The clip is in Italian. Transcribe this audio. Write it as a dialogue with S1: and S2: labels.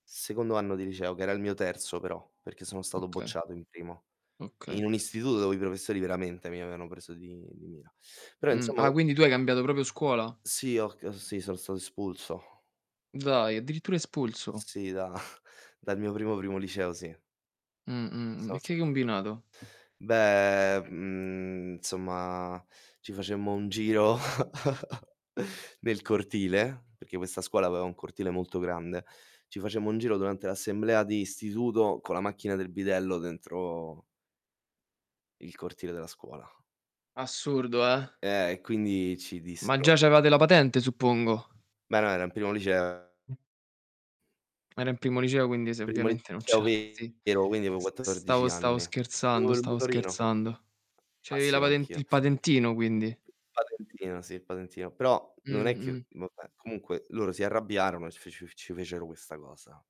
S1: Secondo anno di liceo, che era il mio terzo però, perché sono stato
S2: Oka
S1: bocciato in primo.
S2: Okay.
S1: In un istituto dove i professori veramente mi avevano preso di di mira. Però
S2: Mh,
S1: insomma
S2: ah
S1: u
S2: quindi tu hai cambiato proprio scuola?
S1: Sì, ho c uhm, sì, sono stato espulso.
S2: Dai, addirittura espulso?
S1: Sì, da dal mio primo, primo liceo sì
S2: Mh, mh, mh,
S1: sono
S2: e
S1: sta
S2: che hai combinato?
S1: Beh, mhmm, insomma, ci facemmo un giro nel cortile, perché questa scuola aveva un cortile molto grande, ci facemmo un giro durante l'assemblea di istituto con la macchina del bidello dentro il cortile della scuola.
S2: Assurdo, eh.
S1: Eh, e quindi ci
S2: Ma già
S1: dissero
S2: c'aveva la patente suppongo.
S1: Beh, no, era in primo lice
S2: Era in primo liceo quindi se
S1: Primo
S2: ovviamente non ce
S1: liceo
S2: l' a sì.
S1: vero, quindi avevo
S2: S
S1: 14
S2: stavo stavo
S1: anni. Avevo
S2: scherzando,
S1: il
S2: stavo
S1: motorino.
S2: scherzando.
S1: [unintelligible]
S2: C'avevi la
S1: Massimo
S2: paten
S1: anch'io.
S2: il patentino quindi.
S1: Patentino, sì, il patentino. Però non è chiu
S2: Mh-mh.
S1: vabbè, comunque loro si arrabbiarono e c fe ci f ci fecero questa cosa.